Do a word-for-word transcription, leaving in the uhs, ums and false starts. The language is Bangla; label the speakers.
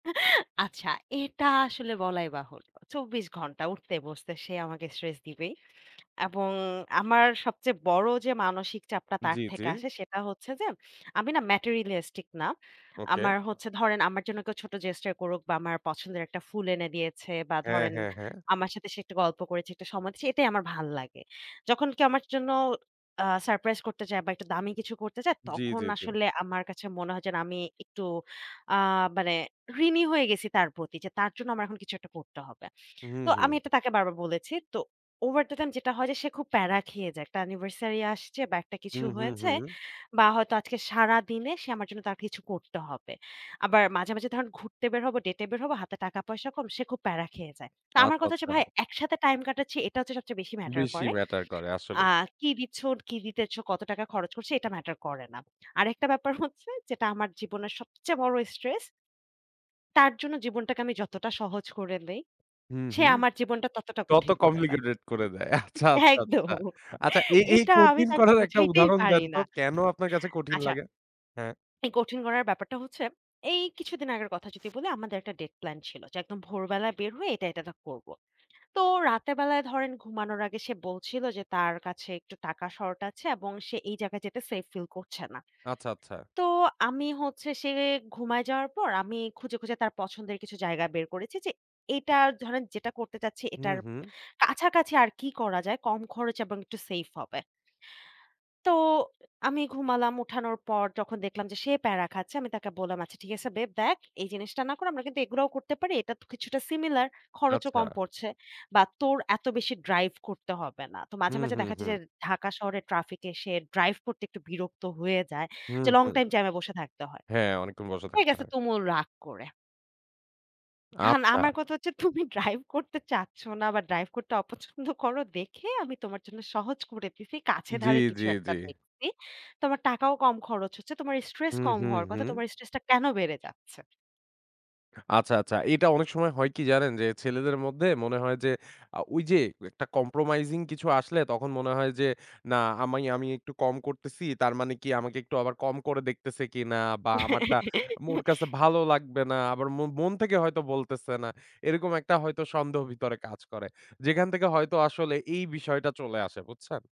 Speaker 1: আচ্ছা, এটা আসলে বলাই বাহুল্য। চব্বিশ ঘন্টা উঠতে বসতে সে আমাকে স্ট্রেস দিবেই। এবং আমার সবচেয়ে বড় যে মানসিক চাপটা তার
Speaker 2: জি, জি।
Speaker 1: থেকে আসে, সেটা হচ্ছে যে, "আমি না Materialistic না।"
Speaker 2: ওকে।
Speaker 1: আমার হচ্ছে ধরেন আমার জন্য কেউ ছোট Gesture করুক বা আমার পছন্দের এক টা ফুল এনে দিয়েছে বা
Speaker 2: হ্যাঁ,
Speaker 1: ধরেন
Speaker 2: হ্যাঁ, হ্যাঁ।
Speaker 1: আমার সাথে সে একটা গল্প করেছে একটা সময় দিয়েছে। এটাই আমার ভাল লাগে। যখন কেউ আমার জন্য আ সারপ্রাইজ করতে চায় বা একটু দামি কিছু করতে চায়,
Speaker 2: জি,
Speaker 1: তখন
Speaker 2: জি, জি।
Speaker 1: আসলে আমার কাছে মনে হয় যে আমি একটু আ মানে ঋণী হয়ে গেছি তার প্রতি। যে তার জন্য আমার এখন কিছু একটা করতে হবে।
Speaker 2: হুম,
Speaker 1: তো আমি
Speaker 2: হুম।
Speaker 1: এটা তাকে বারবার বলেছি। তো Over the time যেটা হয় যে সে খুব প্যারা খেয়ে যায়। একটা Anniversary আসছে বা একটা কিছু
Speaker 2: হুম, হুম,
Speaker 1: হয়েছে
Speaker 2: হুম।
Speaker 1: বা হয়তো আজকে সারাদিনে সে আমার জন্য তার কিছু করতে হবে। আবার মাঝে, মাঝে ধরুন ঘুরতে বের হবো, ডেটে বের হবো, হাতে টাকা পয়সা কম, সে খুব প্যারা খেয়ে যায়। তা আমার
Speaker 2: আচ্ছা,
Speaker 1: কথা হচ্ছে
Speaker 2: আচ্ছা।
Speaker 1: ভাই, একসাথে টাইম কাটাচ্ছি এটা হচ্ছে সবচেয়ে বেশি ম্যাটার
Speaker 2: বেশি
Speaker 1: করে।
Speaker 2: ম্যাটার করে
Speaker 1: আ
Speaker 2: আসলেই।
Speaker 1: কি দিচ্ছন, কী দিতেছ, কত টাকা খরচ করছো এটা ম্যাটার করে না। আরেকটা ব্যাপার হচ্ছে যেটা আমার জীবনের সবচে বড় স্ট্রেস তার জন্য জীবনটাকে আমি যতটা সহজ করে দেই,
Speaker 2: হুম,
Speaker 1: সে
Speaker 2: হুম।
Speaker 1: আমার জীবনটা ততটা
Speaker 2: তত
Speaker 1: কঠিন করে দেয়।
Speaker 2: Complicated করে দেয়। আচ্ছা, আচ্ছা,
Speaker 1: একদম
Speaker 2: আচ্ছা। আচ্ছা এই, এই
Speaker 1: এটা আমি
Speaker 2: কঠিন
Speaker 1: তাকে
Speaker 2: করার এক টা
Speaker 1: বোঝাইতেই
Speaker 2: উদাহরণ দেন
Speaker 1: পারি
Speaker 2: তো
Speaker 1: না।
Speaker 2: কেন আপনার কাছে কঠিন
Speaker 1: আচ্ছা।
Speaker 2: লাগে? হ্যাঁ।
Speaker 1: এই কঠিন করার ব্যাপারটা হচ্ছে, এই কিছুদিন আগের কথা যদি বলি, আমাদের এক টা ডেট প্ল্যান ছিল যে একদম ভোরবেলায় বের হয়ে এটা, এটা তা করবো। তো রাতের বেলায় ধরেন ঘুমানোর আগে সে বলছিল যে, তার কাছে একটু টাকা শর্ট আছে, এবং সে এই জায়গায় যেতে সেফ ফিল করছে না।
Speaker 2: আচ্ছা, আচ্ছা।
Speaker 1: তো আমি হচ্ছে সে ঘুমায়ে যাওয়ার পর আমি খুঁজে, খুঁজে তার পছন্দের কিছু জায়গা বের করেছি। যে এটা ধরেন যেটা করতে চাচ্ছি,
Speaker 2: হুম,
Speaker 1: এটার
Speaker 2: হুম।
Speaker 1: কাছাকাছি আর কি করা যায়, কম খরচ এবং একটু সেফ হবে। তো আমি ঘুমালাম উঠানোর পর যখন দেখলাম যে সে প্যারা খাচ্ছে। আমি তাকে বললাম "আচ্ছা ঠিক আছে বেব দেখ, এই জিনিসটা না করে আমরা কিন্তু এগুলাও করতে পারি। এটা তো কিছুটা সিমিলার খরচও
Speaker 2: আচ্ছা।
Speaker 1: কম পড়ছে। বা তোর এত বেশি ড্রাইভ করতে হবে না।" তো মাঝে,
Speaker 2: হুম,
Speaker 1: মাঝে
Speaker 2: হুম,
Speaker 1: দেখা যায়
Speaker 2: হুম।
Speaker 1: যে ঢাকা শহরে ট্রাফিক এ সে ড্রাইভ করতে একটু বিরক্ত হয়ে যায়।
Speaker 2: হুম,
Speaker 1: যে লং
Speaker 2: হুম।
Speaker 1: টাইম জ্যামে বসে থাকতে হয়।
Speaker 2: হ্যাঁ, অনেকক্ষণ বসে
Speaker 1: সে
Speaker 2: থাকতে
Speaker 1: গেছে
Speaker 2: হয়।
Speaker 1: তুমুল রাগ করে। এহন
Speaker 2: আচ্ছা।
Speaker 1: আমার কথা হচ্ছে, তুমি ড্রাইভ করতে চাচ্ছ না বা ড্রাইভ করতে অপছন্দ করো দেখে আমি তোমার জন্য সহজ করে দিছি, কাছে
Speaker 2: জি,
Speaker 1: ধারে
Speaker 2: জি,
Speaker 1: কিছু এক টা
Speaker 2: জি।
Speaker 1: দেখসি। তোমার টাকাও কম খরচ হচ্ছে। তোমার স্ট্রেস
Speaker 2: হুম,
Speaker 1: কম
Speaker 2: হুম,
Speaker 1: হওয়ার কথা।
Speaker 2: হুম।
Speaker 1: তোমার স্ট্রেস টা কেন বেড়ে যাচ্ছে?
Speaker 2: আচ্ছা, আচ্ছা। এটা অনেক সময় হয় কি জানেন? যে ছেলেদের মধ্যে মনে হয় যে আ ওই যে একটা Compromising কিছু আসলে তখন মনে হয় যে না, আমে আমি একটু কম করতেসি তার মানে কি আমাকে একটু আবার কম করে দেখতেসে কিনা? বা আমার টা আম ওর কাছে ভালো লাগবে না, আবার মন, মন থেকে হয়তো বলতেসে না। এরকম একটা হয়তো সন্দেহ ভিতরে কাজ করে। যেখান থেকে হয়তো আসলে এই বিষয়টা চলে আসে, বুঝছেন?